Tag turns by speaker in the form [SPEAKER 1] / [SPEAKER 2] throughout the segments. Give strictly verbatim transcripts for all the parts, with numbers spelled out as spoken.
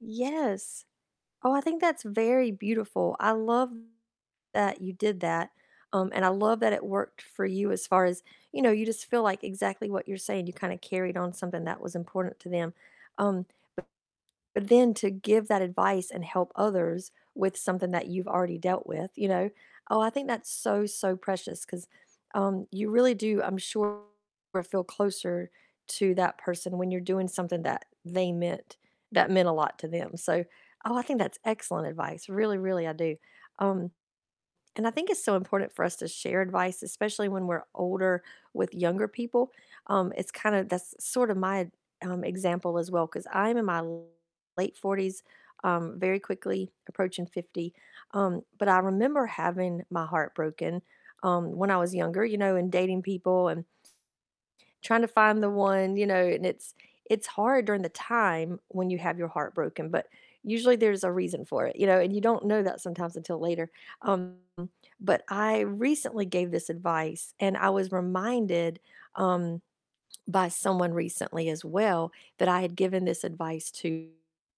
[SPEAKER 1] Yes, oh, I think that's very beautiful, I love that you did that, um, and I love that it worked for you as far as, you know, you just feel like exactly what you're saying, you kinda carried on something that was important to them, um, b then to give that advice and help others with something that you've already dealt with, you know, oh, I think that's so, so precious 'cause, um, you really do, I'm sure, feel closer to that person when you're doing something that they meant that meant a lot to them, so, oh, I think that's excellent advice, really, really I do, um, and I think it's so important for us to share advice, especially when we're older, with younger people, um, it's kinda that's sorta my um, example as well 'cause I'm in my late forties, um, very quickly approaching fifty, um, but I remember having my heart broken, um, when I was younger, you know, and dating people and, trying to find the one, you know, and it's it's hard during the time when you have your heart broken, but usually there's a reason for it, you know, and you don't know that sometimes until later, um, but I recently gave this advice, and I was reminded, um, by someone recently as well that I had given this advice to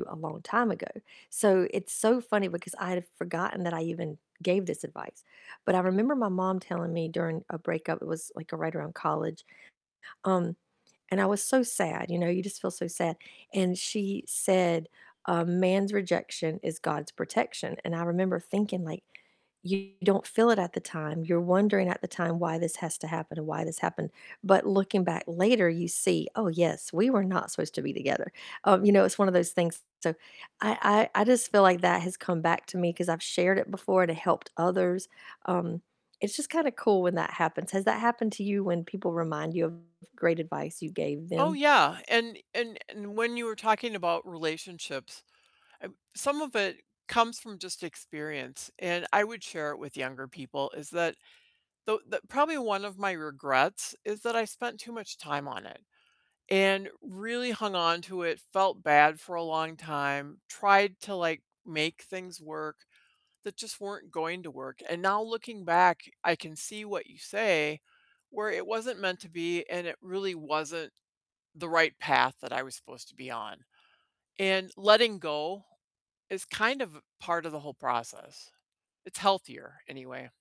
[SPEAKER 1] a long time ago, so it's so funny because I had forgotten that I even gave this advice, but I remember my mom telling me during a breakup, it was, like, right around college, um, and I was so sad, you know, you just feel so sad, and she said, um, "A man's rejection is God's protection," and I remember thinking like, you don't feel it at the time, you're wondering at the time why this has to happen and why this happened, but looking back later, you see, "Oh, yes, we were not supposed to be together," um, you know, it's one of those things, so I I I just feel like that has come back to me 'cause I've shared it before and it helped others, um, it's just kinda cool when that happens. Has that happened to you when people remind you of great advice you gave
[SPEAKER 2] Oh,
[SPEAKER 1] them?
[SPEAKER 2] yeah, and and and when you were talking about relationships, some of it comes from just experience, and I would share it with younger people, is that the the probably one of my regrets is that I spent too much time on it and really hung onto it, felt bad for a long time, tried to, like, make things work that just weren't going to work, and now looking back, I can see what you say, where it wasn't meant to be and it really wasn't the right path that I was supposed to be on, and letting go is kind of a part of the whole process. It's healthier, anyway.